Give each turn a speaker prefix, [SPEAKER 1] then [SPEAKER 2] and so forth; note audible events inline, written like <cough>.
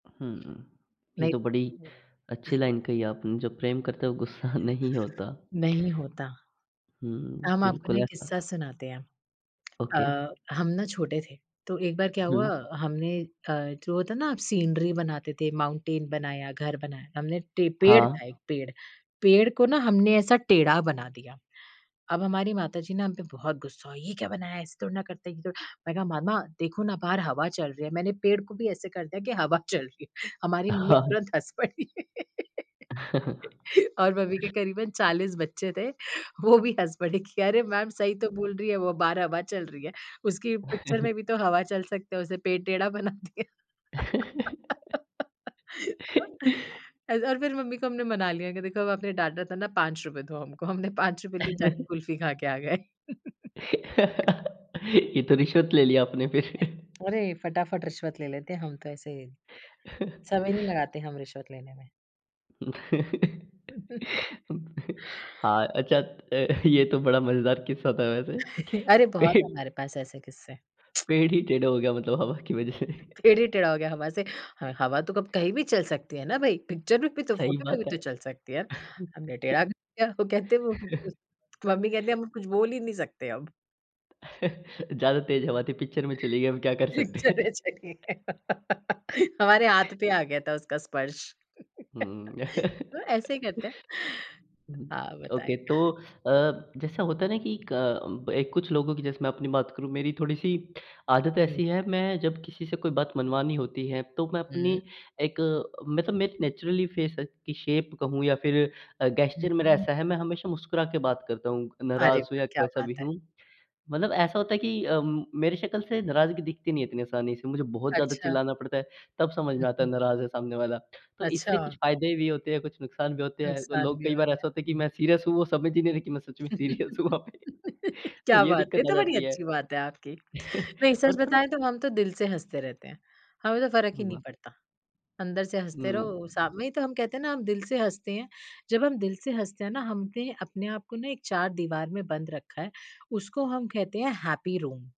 [SPEAKER 1] हुँ। ये तो
[SPEAKER 2] नहीं।
[SPEAKER 1] बड़ी अच्छी लाइन कही है आपने, जो प्रेम करते हैं वो गुस्सा नहीं होता
[SPEAKER 2] नहीं होता।
[SPEAKER 1] हुँ,
[SPEAKER 2] हम आपको ना
[SPEAKER 1] बिल्कुल
[SPEAKER 2] एक
[SPEAKER 1] ऐसा
[SPEAKER 2] किस्सा सुनाते हैं।
[SPEAKER 1] ओके।
[SPEAKER 2] अ, हम ना छोटे थे, तो एक बार क्या हुआ
[SPEAKER 1] हुँ।
[SPEAKER 2] हमने अ, जो होता है ना सीनरी बनाते थे, माउंटेन बनाया, घर बनाया। हमने टे पेड़
[SPEAKER 1] हाँ।
[SPEAKER 2] था एक पेड़, पेड़ को ना हमने ऐसा टेढ़ा बना दिया। अब हमारी माताजी ना हम पे बहुत गुस्सा हुई, "ये क्या बनाया है? ऐसे थोड़ी ना करते हैं ये तो" मैंने कहा, "मम्मा देखो ना, बाहर हवा चल रही है। मैंने पेड़ को भी ऐसे कर दिया कि हवा चल रही है।" हमारी मम्मी
[SPEAKER 1] <chuckles>
[SPEAKER 2] तुरंत हँस पड़ी। <laughs>
[SPEAKER 1] <chuckles>
[SPEAKER 2] और मम्मी के करीबन 40 बच्चे थे, वो भी हँस पड़े कि, "अरे! मैम सही तो बोल रही है वो, बाहर हवा चल रही है। उसकी पिक्चर
[SPEAKER 1] <chuckles>
[SPEAKER 2] में भी तो हवा चल सकती है, उसे पेड़ टेढ़ा बना दिया।" <laughs>
[SPEAKER 1] <laughs>
[SPEAKER 2] एज और फिर मम्मी को हमने मना लिया कि, "देखो अब आपने डाँटा था ना, ₹5 दो हम को।" हमने ₹5 की जाके
[SPEAKER 1] <chuckles>
[SPEAKER 2] कुल्फी खा के आ गए।
[SPEAKER 1] <laughs>
[SPEAKER 2] <laughs>
[SPEAKER 1] ये तो रिश्वत ले लिया आपने फिर। <chuckles>
[SPEAKER 2] अरे! फटाफट रिश्वत ले लेते हैं हम तो ऐसे
[SPEAKER 1] <chuckles>
[SPEAKER 2] समय नहीं लगाते हम रिश्वत लेने में।
[SPEAKER 1] <laughs>
[SPEAKER 2] <laughs>
[SPEAKER 1] हाँ, अच्छा अ, <chuckles> ये तो बड़ा मज़ेदार किस्सा था वैसे।
[SPEAKER 2] <chuckles> अरे!
[SPEAKER 1] पे
[SPEAKER 2] बहुत हैं हमारे पास ऐसे किस्से। <tsk>
[SPEAKER 1] पेड़ ही टेढ़ा हो गया मतलब हवा की वजह से।
[SPEAKER 2] पेड़ ही टेढ़ा हो गया हवा से। ह हवा तो कब कहीं भी चल सकती है ना भई, पिक्चर में भी तो
[SPEAKER 1] सही
[SPEAKER 2] फ़ोटो में
[SPEAKER 1] बात
[SPEAKER 2] भी
[SPEAKER 1] है।
[SPEAKER 2] तो चल सकती है। हमने टेढ़ा कर दिया तो कहते हैं वो उ उस
[SPEAKER 1] <laughs>
[SPEAKER 2] मम्मी कहती हैं हम कुछ बोल ही नहीं सकते अब।
[SPEAKER 1] <chuckles> ज़्यादा तेज़ हवा थी, पिक्चर में चली गई अब क्या कर सकते हैं?
[SPEAKER 2] पिक्चरें चली हैं। <laughs> हमारे हाथ पे आ गया था उसका स्पर्श।
[SPEAKER 1] हुँ,
[SPEAKER 2] <laughs>
[SPEAKER 1] हुँ। <laughs>
[SPEAKER 2] तो ऐसे ही करते हैं।
[SPEAKER 1] उहुँ,
[SPEAKER 2] हाँ,
[SPEAKER 1] ओके
[SPEAKER 2] बताएँ।
[SPEAKER 1] तो
[SPEAKER 2] <chuckles>
[SPEAKER 1] अ, जैसा होता है ना कि क बे कुछ लोगों की जैसे मैं अपनी बात करूँ, मेरी थोड़ी-सी आदत
[SPEAKER 2] हुँ।
[SPEAKER 1] ऐसी है। मैं जब किसी से कोई बात मनवानी होती है तो मैं
[SPEAKER 2] हुँ।
[SPEAKER 1] अपनी एक मै तो मैं नेचुरली फेस की शेप कहूँ या फिर अ,
[SPEAKER 2] हुँ,
[SPEAKER 1] गेस्चर मेरा
[SPEAKER 2] हुँ।
[SPEAKER 1] ऐसा है, मैं हमेशा मुस्कुरा के बात करता हूँ। नाराज़
[SPEAKER 2] अरे
[SPEAKER 1] हूँ
[SPEAKER 2] वाह!
[SPEAKER 1] या
[SPEAKER 2] क्या
[SPEAKER 1] कैसा भी
[SPEAKER 2] बात है।
[SPEAKER 1] हूँ। मतलब ऐसा होता है कि अम, मेरी शकल से नाराज़गी दिखती नहीं है इतनी आसानी से मुझे बहुत ज़्यादा
[SPEAKER 2] अच्छा।
[SPEAKER 1] चिल्लाना पड़ता है, तब समझ
[SPEAKER 2] हुँ,
[SPEAKER 1] में आता है
[SPEAKER 2] हुँ।
[SPEAKER 1] नाराज़ है सामने वाला। तो इससे कुछ
[SPEAKER 2] अच्छा।
[SPEAKER 1] फायदे भी होते हैं, कुछ नुकसान भी होते हैं। तो
[SPEAKER 2] नुकसान
[SPEAKER 1] लोग
[SPEAKER 2] भी
[SPEAKER 1] कई बार
[SPEAKER 2] होता
[SPEAKER 1] ऐसा होता है
[SPEAKER 2] है।
[SPEAKER 1] कि
[SPEAKER 2] हुँ।
[SPEAKER 1] मैं सीरियस हूँ, वो समझ ही नहीं रहे हैं कि मैं सच में सीरियस हूँ वहाँ
[SPEAKER 2] <laughs>
[SPEAKER 1] पे। तो
[SPEAKER 2] क्या
[SPEAKER 1] ये
[SPEAKER 2] बात है,
[SPEAKER 1] दिक्कत
[SPEAKER 2] ये
[SPEAKER 1] आ
[SPEAKER 2] तो बड़ी
[SPEAKER 1] जाती है।
[SPEAKER 2] अच्छी बात है आपकी।
[SPEAKER 1] <chuckles>
[SPEAKER 2] नहीं,
[SPEAKER 1] और
[SPEAKER 2] सच
[SPEAKER 1] थोड़ा
[SPEAKER 2] बताएँ तो हम तो दिल से हँसते रहते हैं, हमें तो फ़र्क ही नहीं
[SPEAKER 1] हुआ।
[SPEAKER 2] पड़ता। अंदर से हँसते
[SPEAKER 1] हुँ।
[SPEAKER 2] रहो, शाम में ही तो हम कहते हैं ना हम दिल से हँसते हैं, जब हम दिल से हँसते हैं ना, हमने अपने आप को ना एक चार दीवार में बंद रखा है। उसको हम कहते हैं हैप्पी रूम।